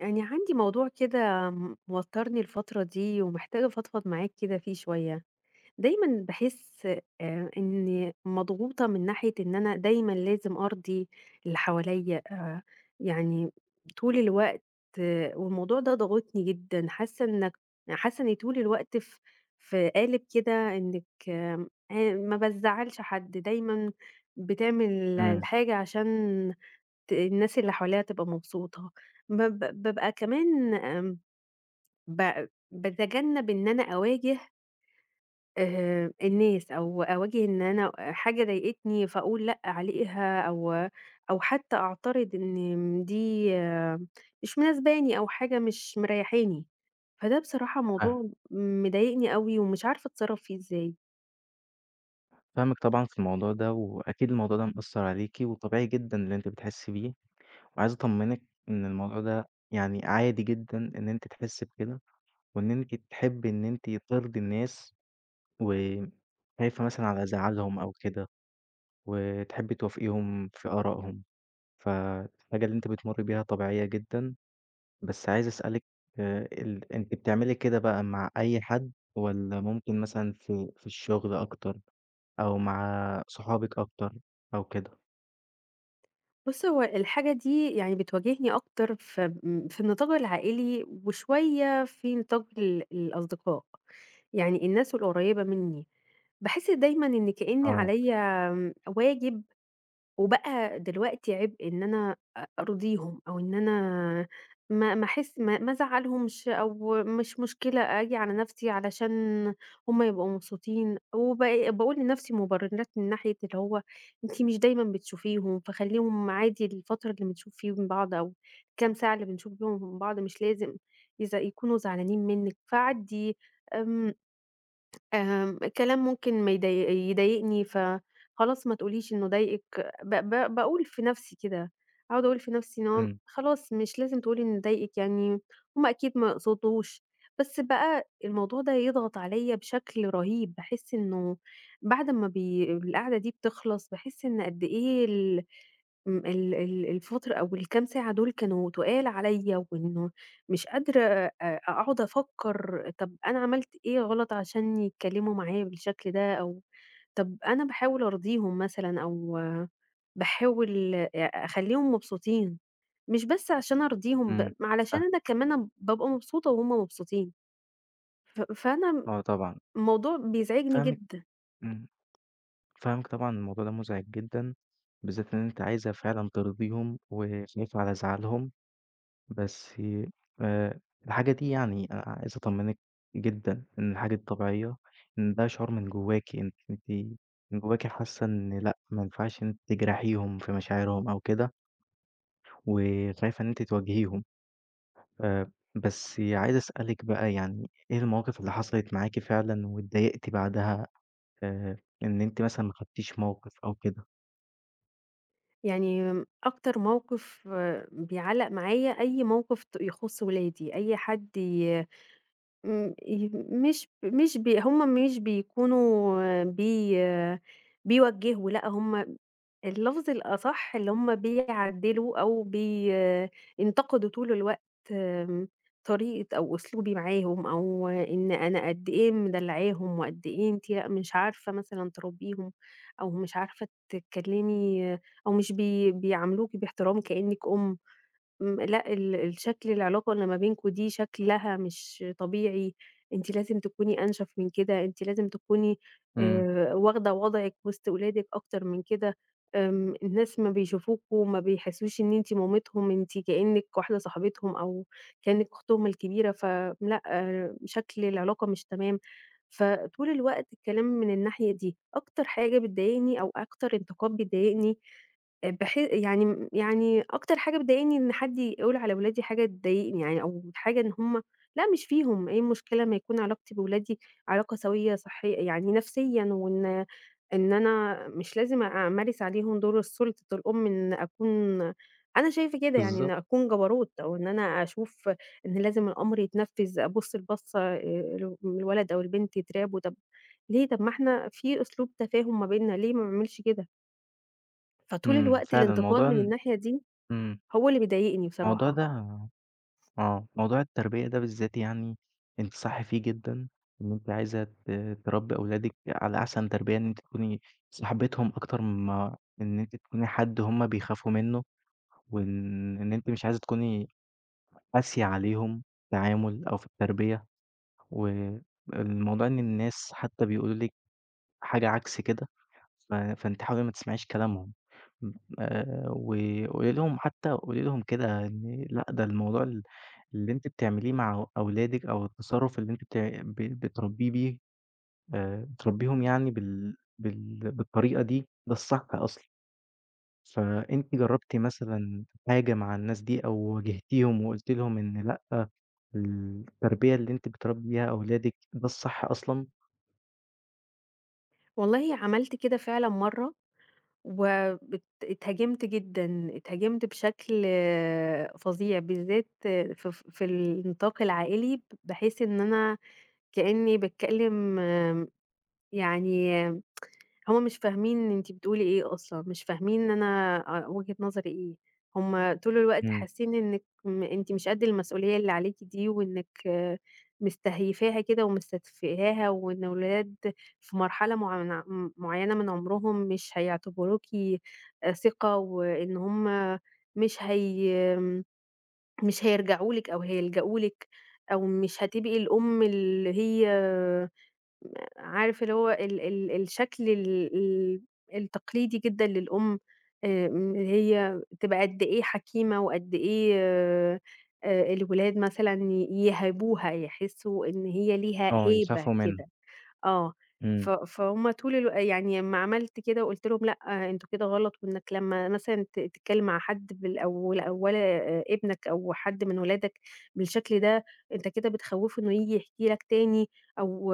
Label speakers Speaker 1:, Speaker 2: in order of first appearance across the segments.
Speaker 1: يعني عندي موضوع كده موترني الفترة دي ومحتاجة افضفض معاك كده فيه شوية، دايمًا باحس آآ، إني مضغوطة من ناحية إن أنا دايمًا لازم أرضي اللي حواليّا، آآ، يعني طول الوقت والموضوع ده ضاغطني جدًا، حاسّة إنك حاسة إني طول الوقت ف في قالب كده إنك آمم، ما بازعّلش حد، دايمًا بتعمل
Speaker 2: إمم.
Speaker 1: الحاجة عشان ت الناس اللي حواليها تبقى مبسوطة، بب بابقى كمان آمم، ب باتجنب إن أنا أواجه آآ الناس، أو أواجه إن أنا حاجة ضايقتني فاقول لأ عليها، أو أو حتى أعترض إن دي مش مناسباني أو حاجة مش مريحاني، فده بصراحة
Speaker 2: فاهمِك.
Speaker 1: موضوع مضايقني أوي ومش عارفة أتصرف فيه إزاي.
Speaker 2: فاهمِك طبعًا في الموضوع ده، وأكيد الموضوع ده مأثّر عليكِ، وطبيعي جدًا اللي أنتِ بتحسي بيه، وعايز أطمنِك إن الموضوع ده يعني عادي جدًا إن أنتِ تحسي بكده، وإن أنتِ تحبي إن أنتِ ترضي الناس وخايفة مثلًا على زعلهم أو كده، وتحبي توافقيهم في آرائهم، فالحاجة اللي أنتِ بتمُرّي بيها طبيعية جدًا، بس عايز أسألِك آآ، ال أنتِ بتعملي كده بقى مع أي حد والّا ممكن مثلًا في في الشغل أكتر أو مع صحابك أكتر أو كده؟
Speaker 1: بُصّ هو الحاجة دي يعني بتواجهني أكتر في م في النطاق العائلي وشوية في نطاق ال الأصدقاء، يعني الناس القريّبة مني باحس دايمًا إن كأني
Speaker 2: آه.
Speaker 1: عليَّ آمم، واجب وبقى دلوقتي عبء إن أنا أ أرضيهم أو إن أنا ما ما احس ما ما ازعلهمش أو مش مشكلة آجي على نَفْسي علشان هُم يبقوا مبسوطين، وبق باقول لنَفْسي مبررات من ناحية اللي هو أنتِ مش دايمًا بتشوفيهم، فخليهم عادي الفترة اللي بنشوف فيهم بعض أو الكام ساعة اللي بنشوف فيهم بعض مش لازم إذا يكونوا زعلانين منِك، فعدّي آمم، آمم، كلام ممكن ما يض يضايقني، فخلاص ما تقوليش إنه ضايقِك، ب ب باقول في نَفْسي كده، أقعد أقول في نَفْسي إن هو
Speaker 2: إمم.
Speaker 1: خلاص مش لازم تقولي إنه ضايقِك يعني، هُم أكيد ما يقصدوش، بس بقى الموضوع ده يضغط عليَّ بشكل رهيب، باحس إنه بعد ما بي القعدة دي بتخلص باحس إن قدّ إيه ال آمم ال ال الفُترة أو الكام ساعة دول كانوا تُقال عليَّ، وإنه مش قادرة أ أقعد أفكر طب أنا عملت إيه غلط عشان يتكلموا معايا بالشكل ده، أو طب أنا باحاول أرضيهم مثلًا أو باحاول أ أخليهم مبسوطين مش بس عشان أرضيهم ب
Speaker 2: إمم،
Speaker 1: ما علشان
Speaker 2: فاهمِك.
Speaker 1: أنا كمان بابقى مبسوطة وهُم مبسوطين، ف فأنا
Speaker 2: آه طبعًا.
Speaker 1: الموضوع بيزعجني
Speaker 2: فاهمِك
Speaker 1: جدًا.
Speaker 2: إمم، فاهمِك طبعًا، الموضوع ده مزعج جدًا، بالذات إن أنتِ عايزة فعلًا ترضيهم وخايفة على زعلهم، بس آآ، الحاجة دي يعني عايز أطمنِك جدًا إن الحاجة دي طبيعية، إن ده شعور من جواكِ أن أنتِ من جواكِ حاسة إن لأ ما ينفعش إن أنتِ تجرحيهم في مشاعرهم أو كده. وشايف إن أنتِ تواجهيهم، آآ، بس عايز أسألِك بقى يعني إيه المواقف اللي حصلت معاكِ فعلًا واتضايقتِ بعدها آآ، إن أنتِ مثلًا ما خدتيش موقف أو كده؟
Speaker 1: يعني أكتر موقف بيعَلّق معايا، أي موقف ت يخص ولادي، أي حد ي ام ي مش مش ب هُم مش بيكونوا بي بيوَجّهوا لأ هُم اللفظ الأصح اللي هُم بيعَدّلوا أو ب ينتقدوا طول الوقت آمم، طريقة أو أسلوبي معاهم، أو إن أنا قد إيه مدلعاهم وقد إيه أنتِ لأ مش عارفة مثلًا تربيهم، أو مش عارفة تتكلّمي، أو مش بي بيعاملوكِ باحترام كأنِّك أم، م لأ ال الشكل العلاقة إن ما بينكم دي شكلها مش طبيعي، أنتِ لازم تكوني أنشف من كده، أنتِ لازم تكوني
Speaker 2: إمم.
Speaker 1: آآ، واخدة وضعِك وسط ولادِك أكتر من كده، آمم، الناس أمّا بيشوفوكم ما بيحسوش إن أنتِ مامتهُم، أنتِ كأنِّك واحدة صاحبتهم أو كأنِّك أختهم الكبيرة، ف لأ، شكل العلاقة مش تمام، فطول الوقت الكلام من الناحية دي، أكتر حاجة بتضايقني أو أكتر انتقاد بيضايقني، بحي يعني يعني أكتر حاجة بتضايقني إن حد يقول على ولادي حاجة تضايقني، يعني أو حاجة إن هُم لا مش فيهم إيه المشكلة أمّا يكون علاقتي بولادي علاقة سويّة صحيّ يعني نفسيًا وإن إن أنا مش لازم أمارس عليهم دور السلطة الأم إنّي أكون أنا شايفة كده يعني إن
Speaker 2: بالضبط.
Speaker 1: أكون جبروت أو إن أنا أشوف إن لازم الأمر يتنفذ، أبُص البَصّة للولد أو البنت يترعبوا، طب ليه! طب ما إحنا في أسلوب تفاهم ما بيننا ليه ما أعملش كده؟ فطول
Speaker 2: إمم،
Speaker 1: الوقت
Speaker 2: فعلًا
Speaker 1: الإنتقاد
Speaker 2: الموضوع
Speaker 1: من
Speaker 2: إن
Speaker 1: الناحية دي،
Speaker 2: إمم.
Speaker 1: هو اللي بيضايقني
Speaker 2: الموضوع
Speaker 1: بصراحة.
Speaker 2: ده آه، موضوع التربية ده بالذات يعني أنتِ صح فيه جدًا، إن أنتِ عايزة ت تربي أولادِك على أحسن تربية إن أنتِ تكوني صاحبتهم أكتر من ما إن أنتِ تكوني حد هم بيخافوا منه، وإن أنتِ مش عايزة تكوني قاسية عليهم التعامل أو في التربية، والموضوع إن الناس حتى بيقولوا لِك حاجة عكس كده ف فأنتِ حاولي ما تسمعيش كلامهم آآ، وقولي لهم حتى قولي لهم كده لأ ده الموضوع ال اللي أنتِ بتعمليه مع أولادِك أو التصرف اللي أنتِ ت بت بتربيه بيه آآ، بتربيهم يعني بال بال بالطريقة دي، ده الصح أصلًا فأنتِ جربتِ مثلًا حاجة مع الناس دي أو واجهتيهم، وقلتِ لهم إن لأ التربية اللي أنتِ بتربي بيها أولادِك ده الصح أصلًا؟
Speaker 1: والله عملت كده فعلًا مرة، وات اتهاجمت جدًا، اتهاجمت بشكل فظيع، بالذات ف في النطاق العائلي بحيث إن أنا كأني باتكلم يعني هو مش فاهمين أنتِ بتقولي إيه أصلًا مش فاهمين إن أنا أ وجهة نظري إيه، هم طول الوقت
Speaker 2: إمم.
Speaker 1: حاسين إنك أنتِ مش قد المسؤولية اللي عليكِ دي وإنك آآ، مستهيفاها كده ومستتفهاها وإن الولاد في مرحلة معن م معيّنة من عمرهم مش هيعتبروكِ ثقة وإن هم مش هي مش هيرجعوا لِك أو هيلجأوا لِك أو مش هتبقي الأم اللي هي عارفة اللي هو ال ال الشكل ال ال التقليدي جدًا للأم آآ، إن هي تبقى قد إيه حكيمة وقد إيه الولاد مثلًا ي يِهابوها، يحسوا إن هي ليها
Speaker 2: آه
Speaker 1: هيبة
Speaker 2: يخافوا منه.
Speaker 1: كده. آه، ف
Speaker 2: إمم.
Speaker 1: فهُم طول الو يعني امّا عملت كده وقُلت لهم لأ أنتم كده غلط إنك لمّا مثلًا ت تتكلم مع حد بالاو أولي ابنك أو حد من ولادك بالشكل ده، أنت كده بتخوفه إنه ييجي يحكي لك تاني أو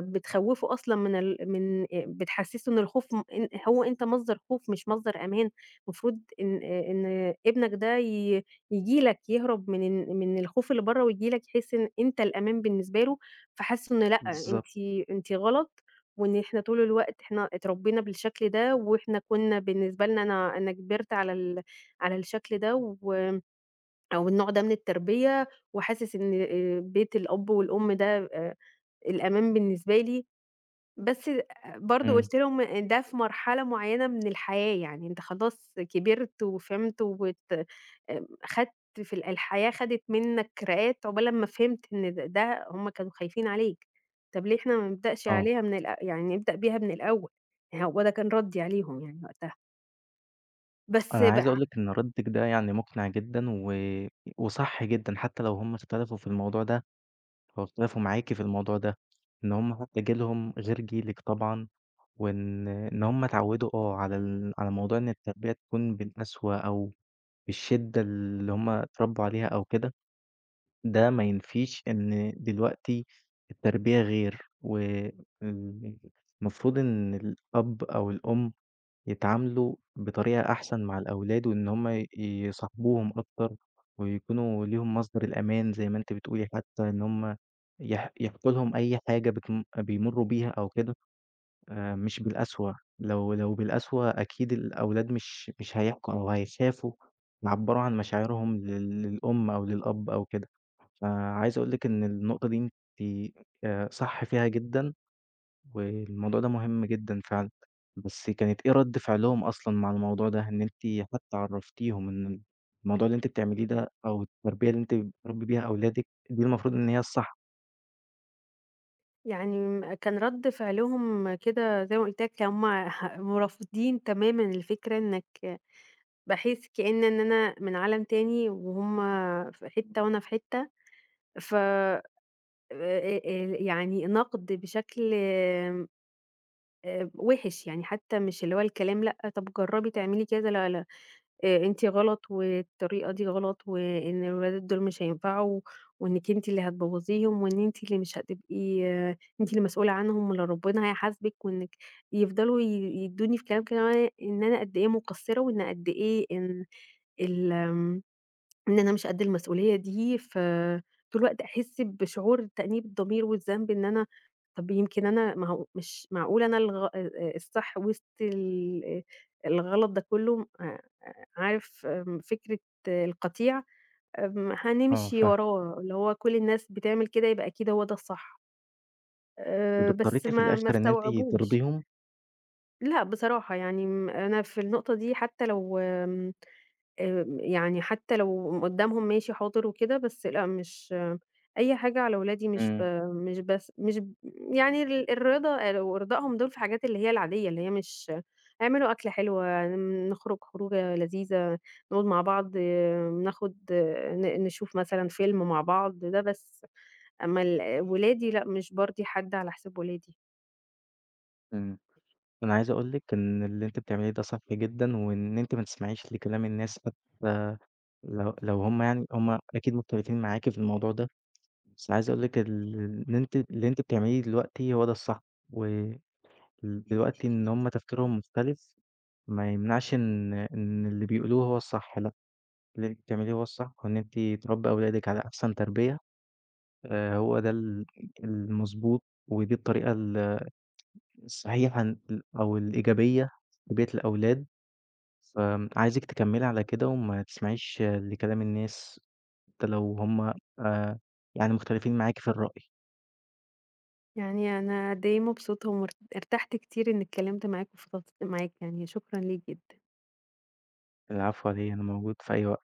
Speaker 1: بتخوفه أصلًا من ال من بتحسسه إن الخوف م إن هو أنت مصدر خوف مش مصدر أمان، المفروض إن آآ، إن ابنك ده ي ييجي لك يهرب من ال من الخوف اللي بره وييجي لك يحس إن أنت الأمان بالنسبة له، فحَسوا إن لأ أنتِ
Speaker 2: بالضبط.
Speaker 1: أنتِ غلط وإن إحنا طول الوقت إحنا اتربينا بالشكل ده وإحنا كنّا بالنسبة لنا أنا أنا كبرت على ال على الشكل ده و أو النوع ده من التربية، وحاسس إن آآ بيت الأب والأم ده الأمان بالنسبة لي، بس برضه
Speaker 2: إمم.
Speaker 1: قلت لهم إن ده في مرحلة معيّنة من الحياة يعني، أنت خلاص كبرت وفهمت وت خدت في ال الحياة خدت منك راقات عقبال امّا فهمت إن د ده هم كانوا خايفين عليك، طب ليه إحنا ما نبدأش
Speaker 2: آه.
Speaker 1: عليها من الأ يعني نبدأ بيها من الأول، هو ده كان ردي عليهم يعني وقتها. بس
Speaker 2: أنا
Speaker 1: بقى
Speaker 2: عايز
Speaker 1: ع
Speaker 2: اقول لِك إن ردِّك ده يعني مُقنع جدًا، و وصح جدًا، حتى لو هٌم اختلفوا في الموضوع ده، لو اختلفوا معاكِ في الموضوع ده، إن هُم حتى جيلُهم غير جيلِك طبعًا، وإن إن هُم اتعودوا أو على ال على موضوع إن التربيّة تكون بالقسوة أو بالشدة اللي هُم اتربوا عليها أو كده، ده ما ينفيش إن دلوقتي التربيّة غير، والمفروض إن الأب أو الأم يتعاملوا بطريقة أحسن مع الأولاد، وإن هُم ي يصاحبوهم أكتر، ويكونوا ليهم مصدر الأمان زي ما أنتِ بتقولي، حتى إن هُم يح يحكوا لهم أي حاجة بتم بيمروا بيها أو كده آآ، مش بالقسوة، لو لو بالقسوة أكيد الأولاد مش مش هيحكوا أو هيخافوا يعبّروا عن مشاعرهم لل للأم أو للأب أو كده. فعايز أقول لِك إن النقطة دي أنتِ آآ، صح فيها جدًا، والموضوع ده مهم جدًا فعلًا. بس كانت إيه رَد فعلهم أصلًا مع الموضوع ده؟ إن أنتِ حتى عرّفتيهم إن الموضوع اللي أنتِ بتعمليه ده أو التربية اللي أنتِ بتربّي بيها أولادِك دي المفروض إن هي الصح.
Speaker 1: يعني م كان رد فِعلهم كده زي ما قُلت لك كانوا هُم ح ورافضين تمامًا الفكرة إنك باحس كإن إن أنا من عالم تاني، وهُم في حتة وأنا في حتة، ف آآ، آآ، آآ يعني نَقد بشكل امم آآ وِحش، يعني حتى مش اللي هو الكلام لأ، طَب جرّبي تعملي كده لا لا، أ أنتِ غلط، والطريقة دي غلط، وإن الولاد دول مش هينفعوا، وإنِك أنتِ اللي هتبوّظيهم، وإن أنتِ اللي مش هتبقي أنتِ اللي مسؤولة عنهم وأن ربنا هيحاسبِك، وإنِك يفضلوا ي يدّوني في كلام كده [unintelligible] إن أنا قد إيه مقصّرة وإن قد إيه إن ال آمم إن أنا مش قد المسؤولية دي، ف طول الوقت أحس بشعور تأنيب الضمير والذنب إن أنا طَب يمكن أنا ما هو مش معقولة أنا الغ آآ آآ الصح وسط الإيه الغلط ده كلّه أ أ عارف آمم فكرة القطيع؟ آمم
Speaker 2: آه
Speaker 1: هنمشي
Speaker 2: فاهمِك.
Speaker 1: وراه، اللي هو كل الناس بتعمل كده يبقى أكيد هو ده الصح.
Speaker 2: طَب
Speaker 1: آآ بس
Speaker 2: اضطريتِ في
Speaker 1: ما ما
Speaker 2: الآخر إن أنتِ
Speaker 1: استوعبوش.
Speaker 2: ترضيهم؟
Speaker 1: لأ بصراحة، يعني م أنا في النقطة دي حتى لو آمم، آمم يعني حتى لو قم قدّامهم ماشي حاضر وكده، بس لأ مش أي حاجة على ولادي مش ب
Speaker 2: امم.
Speaker 1: مش بس مش ب يعني ال الرضا أو ارضائهم دول في حاجات اللي هي العاديّة، اللي هي مش اعملوا أكلة حلوة، نخرج خروجة لذيذة، نقعُد مع بعض، ناخد ن نشوف مثلًا فيلم مع بعض، ده بس. أما ال ولادي لأ مش بارضي حد على حساب ولادي.
Speaker 2: امم. أنا عايز أقول لِك إن اللي أنتِ بتعمليه ده صح جدًا، وإن أنتِ ما تسمعيش لكلام الناس [unintelligible] لو لو هُم يعني هُم أكيد مختلفين معاكِ في الموضوع ده، بس عايز أقول لِك ال اللي أنتِ اللي أنتِ بتعمليه دلوقتي هو ده الصح، و ال دلوقتي إن هُم تفكيرهم مختلف ما يمنعش إن إن اللي بيقولوه هو الصح لأ، اللي أنتِ بتعمليه هو الصح، وإن أنتِ تربّي أولادِك على أحسن تربيّة آآ هو ده ال المضبوط، ودي الطريقة ال الصحيحة إن أو الإيجابيّة لتربيّة الأولاد، فآمم عايزِك تكمّلي على كده وما تسمعيش لكلام الناس، حتى لو هُم آآ يعني مختلفين معاكِ في الرأي.
Speaker 1: يعني أنا قد إيه مبسوطة ومر ارتحت كتير إني اتكلّمت معاك وفضفضت معاك، يعني شكرًا ليك جدًا.
Speaker 2: العفو على إيه أنا موجود في أي وقت.